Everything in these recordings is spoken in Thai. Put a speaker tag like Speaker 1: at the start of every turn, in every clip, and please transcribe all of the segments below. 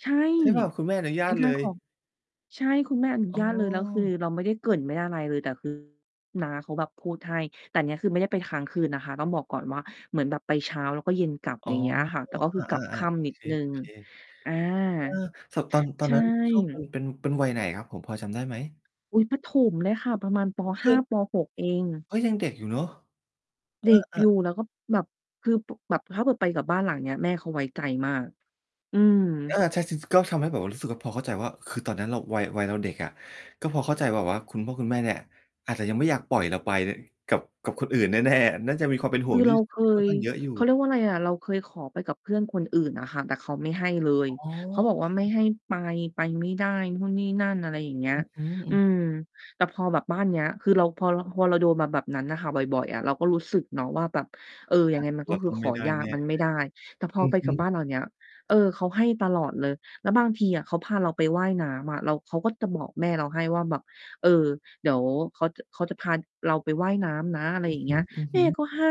Speaker 1: ใช่
Speaker 2: ใช่เปล่า? คุณแม่อนุญ
Speaker 1: ไม
Speaker 2: า
Speaker 1: ่
Speaker 2: ต
Speaker 1: ก
Speaker 2: เ
Speaker 1: ล
Speaker 2: ล
Speaker 1: ้าข
Speaker 2: ย
Speaker 1: อ ใช่ คุณแม่อนุ
Speaker 2: อ๋
Speaker 1: ญาตเลย แล้วคือ
Speaker 2: อ
Speaker 1: เราไม่ได้เกริ่นไม่ได้อะไรเลย แต่ คือ น้าเขาแบบพูดให้ แต่เนี้ย คือไม่ได้ไปค้างคืนนะคะ ต้องบอกก่อนว่าเหมือนแบบไปเช้า แล้วก็เย็นกลับ
Speaker 2: อ๋อ
Speaker 1: อย่างเงี้ยค่ะ แต่ก็
Speaker 2: อ
Speaker 1: คื
Speaker 2: า
Speaker 1: อกลับค
Speaker 2: ๆ
Speaker 1: ่
Speaker 2: ๆ โอ
Speaker 1: ำนิ
Speaker 2: เ
Speaker 1: ด
Speaker 2: ค
Speaker 1: หนึ่ง
Speaker 2: ๆ
Speaker 1: อา
Speaker 2: เออ สอบ ตอน ตอ
Speaker 1: ใ
Speaker 2: น
Speaker 1: ช่
Speaker 2: นั้น ช่วงมัน เป็น เป็นวัยไหนครับผม พอจำได้ไหม?
Speaker 1: อุ๊ย ประถมเลยค่ะ ประมาณ ป.
Speaker 2: อ
Speaker 1: ห
Speaker 2: เฮ
Speaker 1: ้
Speaker 2: ้
Speaker 1: า
Speaker 2: ย
Speaker 1: ป. 6 เอง
Speaker 2: เฮ้ย ยังเด็กอยู่เนาะ
Speaker 1: เด็ก
Speaker 2: เออ
Speaker 1: อยู
Speaker 2: ๆ
Speaker 1: ่ แล้วก็แบบ คือ บ แบบถ้าเผื่อไปกับบ้านหลังเนี้ย แม่เขาไว้ใจมาก อืม
Speaker 2: เออ ใช่ ๆ ๆ ก็มันทำให้แบบรู้สึกว่า พอเข้าใจว่า คือตอนนั้นเรา วัย วัยเราเด็กอะ ก็พอเข้าใจแบบว่า คุณพ่อ คุณแม่เนี่ย อาจจะยังไม่อยากปล่อยเราไปกับ กับคนอื่น แน่ ๆ น่าจะมีความเป็นห
Speaker 1: ค
Speaker 2: ่ว
Speaker 1: ือ
Speaker 2: งท
Speaker 1: เ
Speaker 2: ี
Speaker 1: ร
Speaker 2: ่
Speaker 1: าเค
Speaker 2: ที่ ค่อน
Speaker 1: ย
Speaker 2: ข้างเยอะอยู
Speaker 1: เขา
Speaker 2: ่
Speaker 1: เรียกว่าไรอะ เราเคยขอไปกับเพื่อนคนอื่นอะค่ะ แต่เขาไม่ให้เลย
Speaker 2: อ๋อ
Speaker 1: เขาบอกว่า
Speaker 2: ค
Speaker 1: ไม่
Speaker 2: รับ
Speaker 1: ให้ไป ไปไม่ได้นู่นนี่นั่น อะไรอย่างเงี้ย
Speaker 2: อือฮึ อื
Speaker 1: อื
Speaker 2: ม
Speaker 1: ม แต่พอแบบบ้านเนี้ย คือเรา พอเรา พอเราโดนมาแบบนั้นอะค่ะ บ่อย ๆ อะ เราก็รู้สึกเนาะว่า แบบ เออ ย
Speaker 2: อ
Speaker 1: ัง
Speaker 2: า
Speaker 1: ไงมัน
Speaker 2: เ
Speaker 1: ก
Speaker 2: ร
Speaker 1: ็
Speaker 2: า
Speaker 1: คื
Speaker 2: ต
Speaker 1: อ
Speaker 2: ้อง
Speaker 1: ข
Speaker 2: ไม
Speaker 1: อ
Speaker 2: ่ได้
Speaker 1: ยา
Speaker 2: แ
Speaker 1: ก
Speaker 2: น่
Speaker 1: มันไ
Speaker 2: เ
Speaker 1: ม
Speaker 2: ล
Speaker 1: ่
Speaker 2: ย
Speaker 1: ได้ แต่พ
Speaker 2: อ
Speaker 1: อ
Speaker 2: ื
Speaker 1: ไ
Speaker 2: อ
Speaker 1: ป
Speaker 2: ฮ
Speaker 1: ก
Speaker 2: ึ
Speaker 1: ับบ้านหลังเนี้ย เออ เขาให้ตลอดเลย แล้วบางทีอะเขาพาเราไปว่ายน้ำอะ แล้วเขาก็จะบอกแม่เราให้ว่า แบบ เออ เดี๋ยวเขาจะ เขาจะพาเราไปว่ายน้ำนะ อะไรอย่างเงี้ย
Speaker 2: อือ
Speaker 1: แ
Speaker 2: ฮ
Speaker 1: ม
Speaker 2: ึ
Speaker 1: ่
Speaker 2: ๆ
Speaker 1: ก็ให้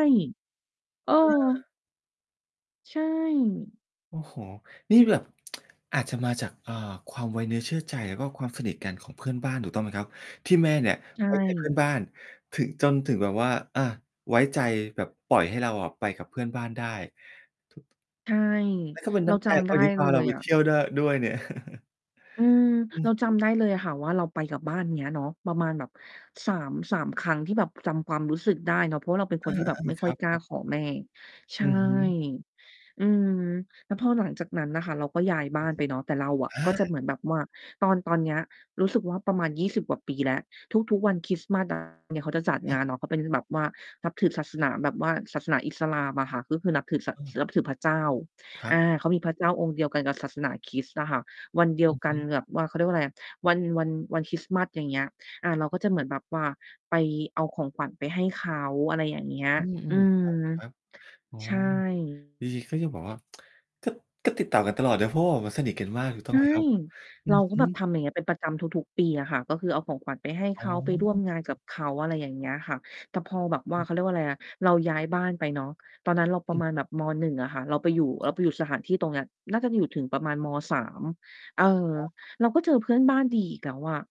Speaker 1: เออ
Speaker 2: เออ
Speaker 1: ใช่
Speaker 2: โอ้โฮ นี่แบบ อาจจะมาจาก เอ่อ ความไว้เนื้อเชื่อใจ แล้วก็ความสนิทกันของเพื่อนบ้านถูกต้องไหมครับ? ที่แม่เนี่ย
Speaker 1: ใช
Speaker 2: ไว้ใจ เพื่
Speaker 1: ่
Speaker 2: อนบ้าน ถึง จนถึงแบบว่า อา ไว้ใจแบบปล่อยให้เราอะไปกับเพื่อนบ้านได้ ทุก
Speaker 1: ใช่
Speaker 2: แล้วก็เป็น
Speaker 1: เร
Speaker 2: น
Speaker 1: า
Speaker 2: ้ำใ
Speaker 1: จ
Speaker 2: จ
Speaker 1: ำ
Speaker 2: เ
Speaker 1: ไ
Speaker 2: ข
Speaker 1: ด้
Speaker 2: าที่พ
Speaker 1: เล
Speaker 2: าเรา
Speaker 1: ย
Speaker 2: ไป
Speaker 1: อะ
Speaker 2: เที่ยวดั้ว ด้วยเนี่ย
Speaker 1: อืม
Speaker 2: อื
Speaker 1: เ
Speaker 2: อ
Speaker 1: ราจ
Speaker 2: ฮึ
Speaker 1: ำได้ เลยค่ะว่า เราไปกับบ้านเนี้ยเนาะ ประมาณแบบ 3- 3 ครั้งที่แบบจำความรู้สึกได้เนาะ เพราะว่าเราเป็น
Speaker 2: เ
Speaker 1: ค
Speaker 2: อ
Speaker 1: นที่แบบ
Speaker 2: อ
Speaker 1: ไม่
Speaker 2: ๆ ๆ
Speaker 1: ค
Speaker 2: ค
Speaker 1: ่อ
Speaker 2: ร
Speaker 1: ย
Speaker 2: ั
Speaker 1: กล้า
Speaker 2: บ ๆ
Speaker 1: ขอแม่ ใช
Speaker 2: อ
Speaker 1: ่
Speaker 2: ือฮึ
Speaker 1: อืม แล้วพอหลังจากนั้นน่ะค่ะ เราก็ย้าย
Speaker 2: ค
Speaker 1: บ้
Speaker 2: ร
Speaker 1: า
Speaker 2: ับ
Speaker 1: น
Speaker 2: ผ
Speaker 1: ไปเนาะ แต่เรา
Speaker 2: ม
Speaker 1: อะ
Speaker 2: อ
Speaker 1: ก็จะเ
Speaker 2: า
Speaker 1: หมือนแบบว่า ตอน ตอนเนี้ย รู้สึกว่าประมาณ 20 กว่าปีแล้ว ทุก ๆ วันคริสต์มาส อะ เนี่ย เขาจะจัดงานเนาะ เขาเป็นแบบว่านับถือศาสนาแบบว่า ศาสนาอิสลามอะค่ะ ก็คือนับถือ ส
Speaker 2: อืม
Speaker 1: นับถือพระเจ้า
Speaker 2: ครั
Speaker 1: อา
Speaker 2: บ ครับ
Speaker 1: เขามีพระเจ้าองค์เดียวกันกับศาสนาคริสต์อะค่ะ วันเดีย
Speaker 2: อ
Speaker 1: ว
Speaker 2: ือ
Speaker 1: ก
Speaker 2: ฮ
Speaker 1: ัน
Speaker 2: ึ
Speaker 1: แบบ ว่า เขาเรียกว่าไรอะ วัน วัน วันคริสต์มาส อย่างเงี้ย อา เราก็จะเหมือนแบบว่าไป เอาของขวัญไปให้เขา อะไรอย่างเงี้ย
Speaker 2: อื
Speaker 1: อื
Speaker 2: ม
Speaker 1: ม
Speaker 2: ๆ ครับ ๆ อ๋อ
Speaker 1: ใช่
Speaker 2: ดี ก็ยังแบบว่า ก็ ก็ติดต่อกันตลอดเนาะ เพราะบอกว่าสนิทกันมากถูกต
Speaker 1: ใ
Speaker 2: ้
Speaker 1: ช
Speaker 2: อง
Speaker 1: ่
Speaker 2: ไหมครับ? อื
Speaker 1: เรา
Speaker 2: อ
Speaker 1: ก็
Speaker 2: ฮึ
Speaker 1: แบบทำอย่างเงี้ย เป็นประจำทุก ๆ ปีอะค่ะ ก็คือเอาของขวัญไปให้เ
Speaker 2: อ
Speaker 1: ข
Speaker 2: ๋
Speaker 1: า ไปร่วม
Speaker 2: อ
Speaker 1: งานกับเขา อะไรอย่างเงี้ยค่ะ แต่พอแบบว่า เขาเรียกว่าอะไรนะ เราย้ายบ้านไปเนาะ ตอนนั้นเราป
Speaker 2: อ
Speaker 1: ระ
Speaker 2: ืม
Speaker 1: มาณแบบ ม. 1 อะค่ะ เราไปอยู่ เราไปอยู่สถานที่ตรงเนี้ย น่าจะอยู่ถึงประมาณ ม. 3 เออ
Speaker 2: อ๋อ
Speaker 1: เราก็เจอเพื่อนบ้านดีอีกแล้วอะ